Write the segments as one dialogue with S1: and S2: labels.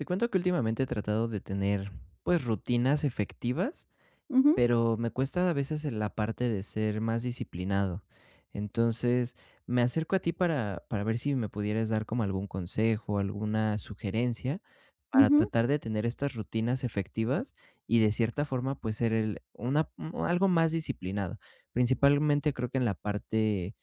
S1: Te cuento que últimamente, he tratado de tener, pues, rutinas efectivas,
S2: Ujú.
S1: pero me cuesta, a veces, en la parte de ser más disciplinado. Entonces, me acerco a ti para para ver si me pudieras dar como algún consejo, alguna sugerencia para
S2: Ujú.
S1: tratar de tener estas rutinas efectivas y, de cierta forma, pues, ser el una mm, algo más disciplinado. Principalmente, creo que en la parte,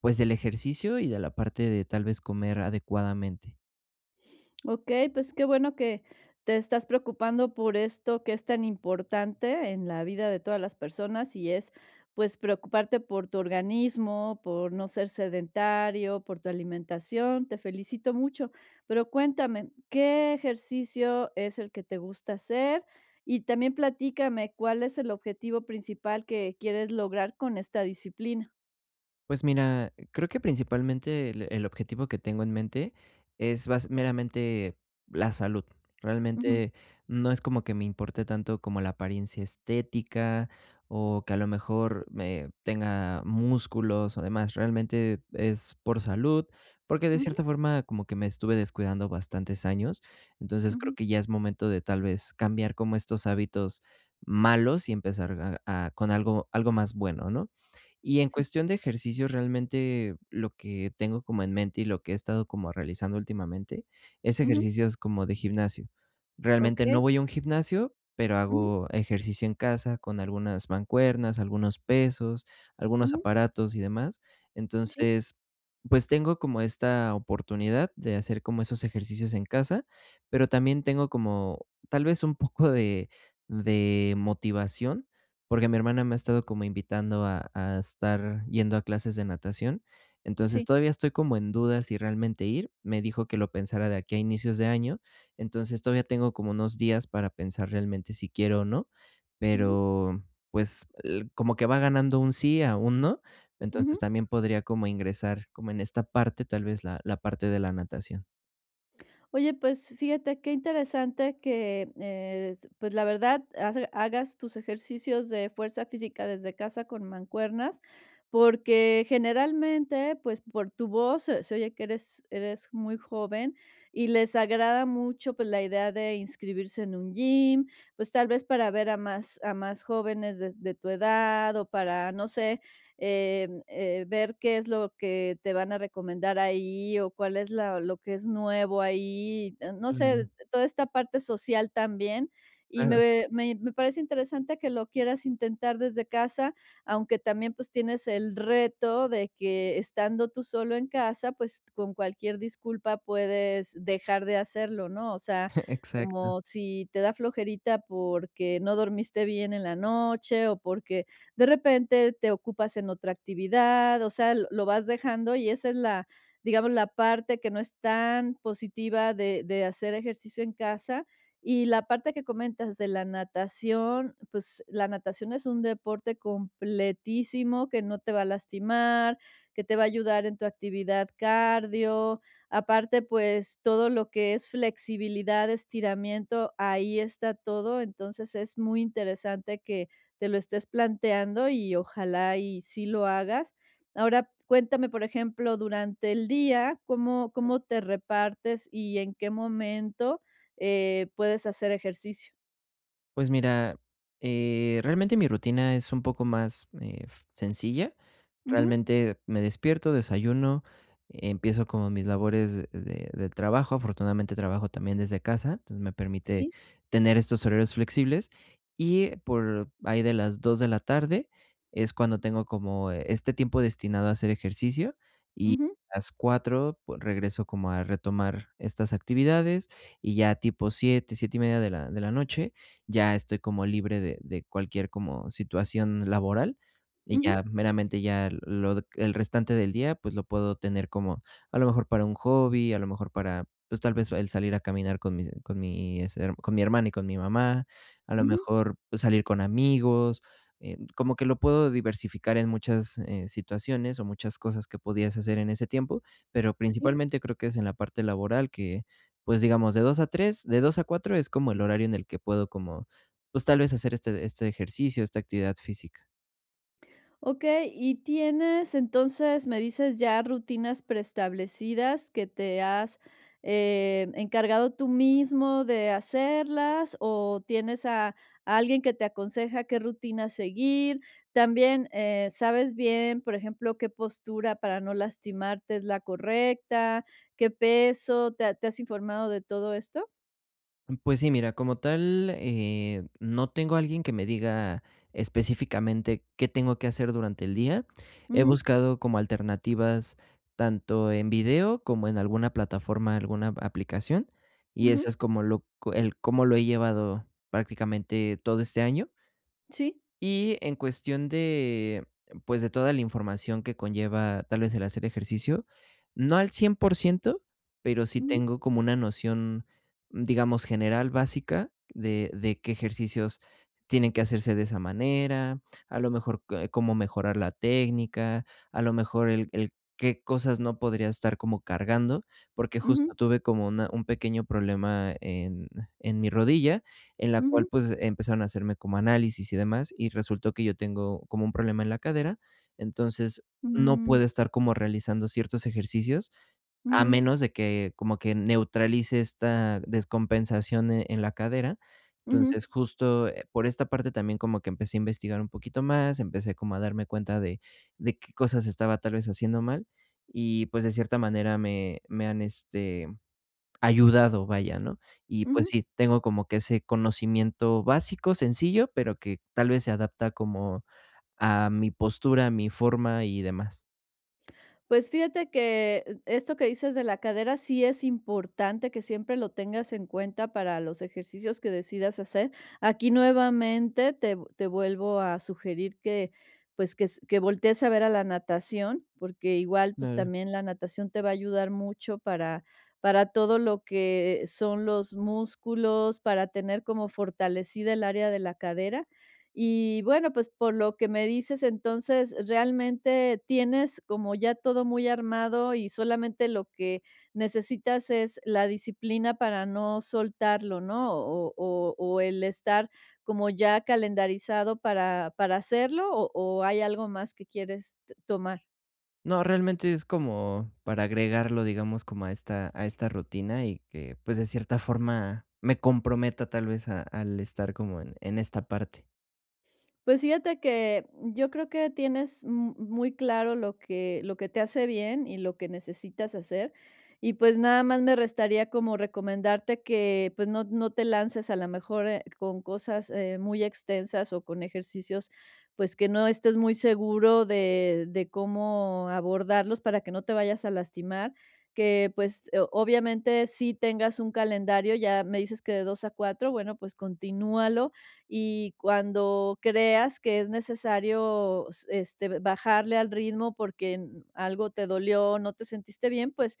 S1: pues, del ejercicio y de la parte de, tal vez, comer adecuadamente.
S2: Okey, pues, que bueno que te estás preocupando por esto que es tan importante, en la vida de todas las personas, y es, pues, preocuparte por tu organismo, por no ser sedentario, por tu alimentación, te felicito mucho, pero cuéntame, ¿qué ejercicio es el que te gusta hacer? Y también platícame, ¿cuál es el objetivo principal que quieres lograr con esta disciplina?
S1: Pues mira, creo que, principalmente, el el objetivo que tengo en mente, es bas meramente la salud,
S2: Ujú.
S1: realmente, no es como que me importe tanto como la apariencia estética o que, a lo mejor, eh, tenga músculos o demás, realmente, es por salud porque de
S2: Ujú.
S1: cierta forma, como que me estuve descuidando bastantes años, entonces creo
S2: Ujú.
S1: que ya es momento de, tal vez, cambiar como estos hábitos malos y empezar a a con algo algo más bueno, ¿no? Y en
S2: Sí.
S1: cuestión de ejercicio, realmente lo que tengo como en mente y lo que he estado como realizando últimamente, es
S2: Ujú.
S1: ejercicios como de gimnasio, realmente no
S2: Okey.
S1: voy a un gimnasio pero
S2: Ujú.
S1: hago ejercicio en casa, con algunas mancuernas, algunos pesos, algunos
S2: Ujú.
S1: aparatos y demás.
S2: Sí.
S1: Entonces, pues, tengo como esta oportunidad de hacer como esos ejercicios en casa, pero también tengo como, tal vez, un poco de de motivación, porque mi hermana me ha estado como invitando a a estar yendo a clases de natación, entonces,
S2: Sí.
S1: todavía estoy como en duda si realmente ir, me dijo que lo pensara de aquí a inicios de año, entonces, todavía tengo como unos días para pensar realmente si quiero o no,
S2: Ujú.
S1: pero pues, l como que va ganando un sí a un no, entonces,
S2: Ujú.
S1: también podría como ingresar como en esta parte, tal vez, la la parte de la natación.
S2: Oye, pues fíjate qué interesante que, es pues, la verdad, hace hagas tus ejercicios de fuerza física desde casa con mancuernas, porque, generalmente, pues, por tu voz, se se oye que eres eres muy joven y les agrada mucho, pues, la idea de inscribirse en un gym, pues, tal vez para ver a más a más jóvenes des de tu edad o para, no sé, em, eh, ver qué es lo que te van a recomendar ahí o cuál es la lo que es nuevo ahí, em, no sé, eh,
S1: Mm.
S2: toda esta parte social también. Y
S1: Claro.
S2: me me me parece interesante que lo quieras intentar desde casa, aunque también, pues, tienes el reto de que estando tú solo en casa, pues, con cualquier disculpa puedes dejar de hacerlo, ¿no? O sea,
S1: Exacto.
S2: como si te da flojerita porque no dormiste bien en la noche o porque de repente te ocupas en otra actividad, o sea, lo lo vas dejando y esa es la, digamos, la parte que no es tan positiva de de hacer ejercicio en casa. Y la parte que comentas de la natación, pues, la natación es un deporte completísimo que no te va a lastimar, que te va a ayudar en tu actividad cardio. Aparte, pues, todo lo que es flexibilidad, estiramiento, ahí está todo. Entonces, es muy interesante que te lo estés planteando y ojalá y sí lo hagas. Ahora cuéntame, por ejemplo, ¿durante el día cómo cómo te repartes y en qué momento, eh, puedes hacer ejercicio?
S1: Pues mira, eh, realmente mi rutina es un poco más, ef sencilla,
S2: Ujú.
S1: realmente me despierto, desayuno, empiezo como mis labores de del trabajo, afortunadamente trabajo también desde casa, entonces me permite
S2: Sí.
S1: tener estos horarios flexibles, y por ahí de las 2 de la tarde es cuando tengo como, eh, este tiempo destinado a hacer ejercicio y
S2: Ujú.
S1: las 4 pue regreso como a retomar estas actividades y ya tipo 7, 7 y media de la de la noche, ya estoy como libre de de cualquier como situación laboral y
S2: Ujú.
S1: ya meramente ya lo de el restante del día, pues lo puedo tener como, a lo mejor para un hobby, a lo mejor para, pues tal vez, el salir a caminar con mis con mi hacer con mi hermana y con mi mamá, a lo
S2: Ujú.
S1: mejor pues salir con amigos, em, como que lo puedo diversificar en muchas, eh, situaciones, o muchas cosas que podías hacer en ese tiempo, pero
S2: Sí.
S1: principalmente creo que es en la parte laboral que, pues, digamos, de 2 a 3, de 2 a 4 es como el horario en el que puedo como, pues, tal vez hacer este este ejercicio, esta actividad física.
S2: Okey. Y tienes, entonces, me dices ya rutinas preestablecidas que te has, em, encargado tú mismo de hacerlas, ¿o tienes a a alguien que te aconseja qué rutinas seguir? También, eh, sabes bien, por ejemplo, ¿qué postura para no lastimarte es la correcta, qué peso, te ha te has informado de todo esto?
S1: Mm, pues, sí, mira, como tal, eh, no tengo alguien que me diga específicamente qué tengo que hacer durante el día. He
S2: Ujú.
S1: buscado como alternativas tanto en video como en alguna plataforma, alguna aplicación, y eso
S2: Ujú.
S1: es como lo co el cómo lo he llevado, prácticamente todo este año.
S2: Sí.
S1: Y en cuestión de, pues, de toda la información que conlleva, tal vez, el hacer ejercicio, no al 100% pero sí
S2: Ujú.
S1: tengo como una noción, digamos, general básica de de qué ejercicios tienen que hacerse de esa manera, a lo mejor, eh, cómo mejorar la técnica, a lo mejor el el qué cosas no podría estar como cargando, porque justo,
S2: Ujú.
S1: tuve como una un pequeño problema en en mi rodilla, en la cual,
S2: Ujú.
S1: pues, empezaron a hacerme como análisis y demás, y resultó que yo tengo como un problema en la cadera. Entonces, no
S2: Mm.
S1: puedo estar como realizando ciertos ejercicios, a
S2: Ujú.
S1: menos de que, como que neutralice esta descompensación, eh, en la cadera.
S2: Ujú.
S1: Entonces, justo, eh, por esta parte también como que empecé a investigar un poquito más, empecé como a darme cuenta de de qué cosas estaba, tal vez, haciendo mal y, pues, de cierta manera, me me han, este, ayudado, vaya, ¿no? Y, pues,
S2: Ujú.
S1: sí, tengo como que ese conocimiento básico, sencillo, pero que, tal vez, se adapta como a mi postura, a mi forma y demás.
S2: Pues, fíjate que, esto que dices de la cadera, sí es importante que siempre lo tengas en cuenta para los ejercicios que decidas hacer. Aquí, nuevamente, te vu te vuelvo a sugerir que, pues, que s que voltees a ver a la natación, porque igual, pues,
S1: No.
S2: también la natación te va a ayudar mucho para para todo lo que son los músculos, para tener como fortalecida el área de la cadera. Y, bueno, pues, por lo que me dices, entonces, realmente tienes como ya todo muy armado y solamente lo que necesitas es la disciplina para no soltarlo, ¿no? ¿O o o el estar como ya calendarizado para para hacerlo, o o hay algo más que quieres t tomar?
S1: No, realmente es como para agregarlo, digamos, como a esta a esta rutina y que, pues, de cierta forma, me comprometa, tal vez, a al estar como en en esta parte.
S2: Pues, fíjate que, yo creo que tienes m muy claro lo que lo que te hace bien y lo que necesitas hacer, y, pues, nada más me restaría como recomendarte que, pues, no no te lances, a la mejor, eh, con cosas, eh, muy extensas o con ejercicios, pues, que no estés muy seguro de de cómo abordarlos para que no te vayas a lastimar, que, pues, o obviamente, sí tengas un calendario, ya me dices que de 2:00 a 4:00, bueno, pues, continúalo, y cuando creas que es necesario s este, bajarle al ritmo porque n algo te dolió, no te sentiste bien, pues,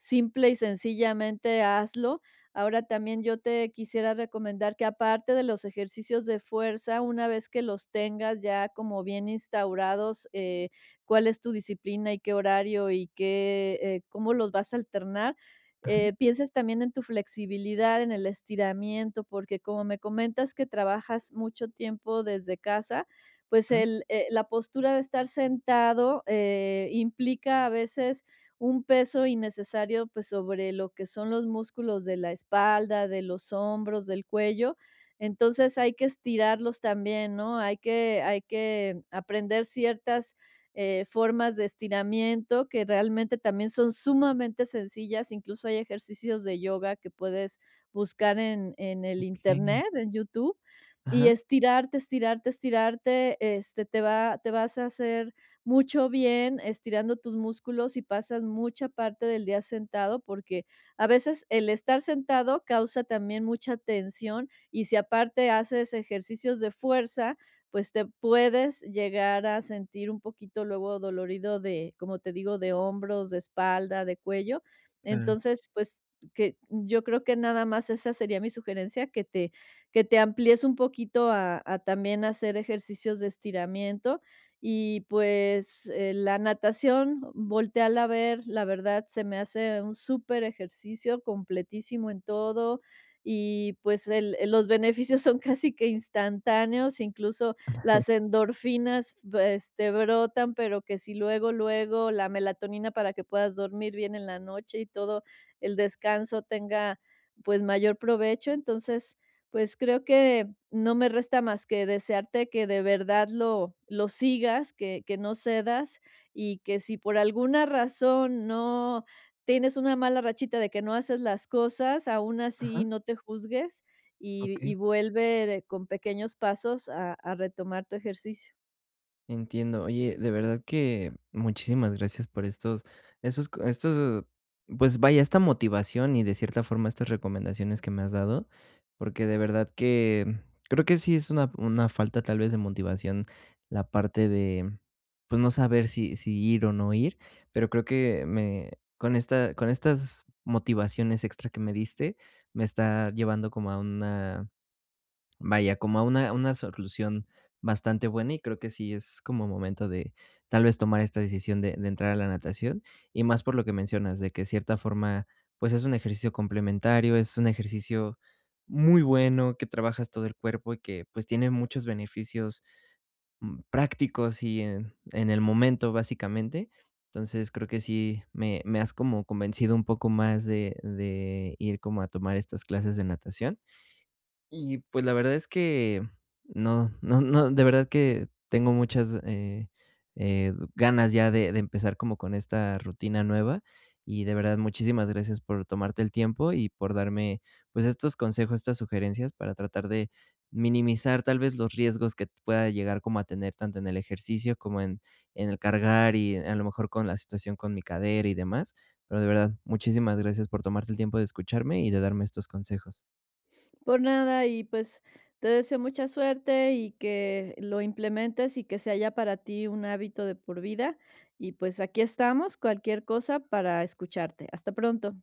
S2: simple y sencillamente hazlo. Ahora, también yo te quisiera recomendar que aparte de los ejercicios de fuerza, una vez que los tengas ya como bien instaurados, eh, cuál es tu disciplina y qué horario y qué, eh cómo los vas a alternar,
S1: Ajá.
S2: eh, pienses también en tu flexibilidad, en el estiramiento, porque, como me comentas que trabajas mucho tiempo desde casa, pues
S1: Ajá.
S2: el eh, la postura de estar sentado, eh, implica, a veces, un peso innecesario, pues, sobre lo que son los músculos de la espalda, de los hombros, del cuello. Entonces, hay que estirarlos también, ¿no?, hay que hay que aprender ciertas, eh, formas de estiramiento que, realmente también son sumamente sencillas, incluso, hay ejercicios de yoga que puedes buscar en en el
S1: Okey.
S2: Internet, en YouTube, y
S1: Ajá.
S2: estirarte, estirarte, estirarte, este, te va te vas a hacer mucho bien estirando tus músculos, si pasas mucha parte del día sentado porque, a veces, el estar sentado causa también mucha tensión, y si aparte haces ejercicios de fuerza, pues, te puedes llegar a sentir, un poquito, luego, adolorido de, como te digo, de hombros, de espalda, de cuello.
S1: Claro.
S2: Entonces, pues, que yo creo que nada más esa sería mi sugerencia, que te que te amplíes un poquito a a también hacer ejercicios de estiramiento y, pues, eh, la natación, voltéala a ver, la verdad se me hace un superejercicio, completísimo en todo y, pues, el el los beneficios son casi que instantáneos, incluso, las endorfinas, v este, brotan, pero que si luego, luego, la melatonina para que puedas dormir bien en la noche y todo el descanso tenga, pues, mayor provecho. Entonces, pues, creo que no me resta más que desearte que, de verdad, lo lo sigas, que que no cedas, y que si por alguna razón, no tienes una mala rachita de que no haces las cosas, aún así
S1: Ajá.
S2: no te juzgues y y
S1: Okey.
S2: vuelve d con pequeños pasos a a retomar tu ejercicio.
S1: Entiendo. Oye, de verdad que muchísimas gracias por estos esos co estos, pues, vaya, esta motivación y, de cierta forma, estas recomendaciones que me has dado, porque, de verdad que, mm, creo que sí es una una falta, tal vez, de motivación la parte de, pues, no saber si si ir o no ir, pero creo que me con esta con estas motivaciones extra que me diste, me está llevando como a una vaya, como a una una solución bastante buena y creo que sí es como momento de, tal vez, tomar esta decisión de de entrar a la natación y más por lo que mencionas, de que, cierta forma, pues, es un ejercicio complementario, es un ejercicio muy bueno, que trabajas todo el cuerpo y que, pues, tiene muchos beneficios, mm, prácticos y en en el momento, básicamente. Entonces, creo que sí me me has como convencido un poco más de de ir como a tomar estas clases de natación. Y, pues, la verdad es que no no no de verdad que, tengo muchas, eh eh, ganas ya de de empezar como con esta rutina nueva y, de verdad, muchísimas gracias por tomarte el tiempo y por darme, pues, estos consejos, estas sugerencias para tratar de minimizar, tal vez, los riesgos que pueda llegar como a tener, tanto en el ejercicio como en en el cargar y, a lo mejor, con la situación con mi cadera y demás, pero de verdad, muchísimas gracias por tomarte el tiempo de escucharme y de darme estos consejos.
S2: Por nada, y, pues, te deseo mucha suerte, y que lo implementes, y que sea ya para ti un hábito de por vida. Y, pues, aquí estamos, cualquier cosa, para escucharte. Hasta pronto.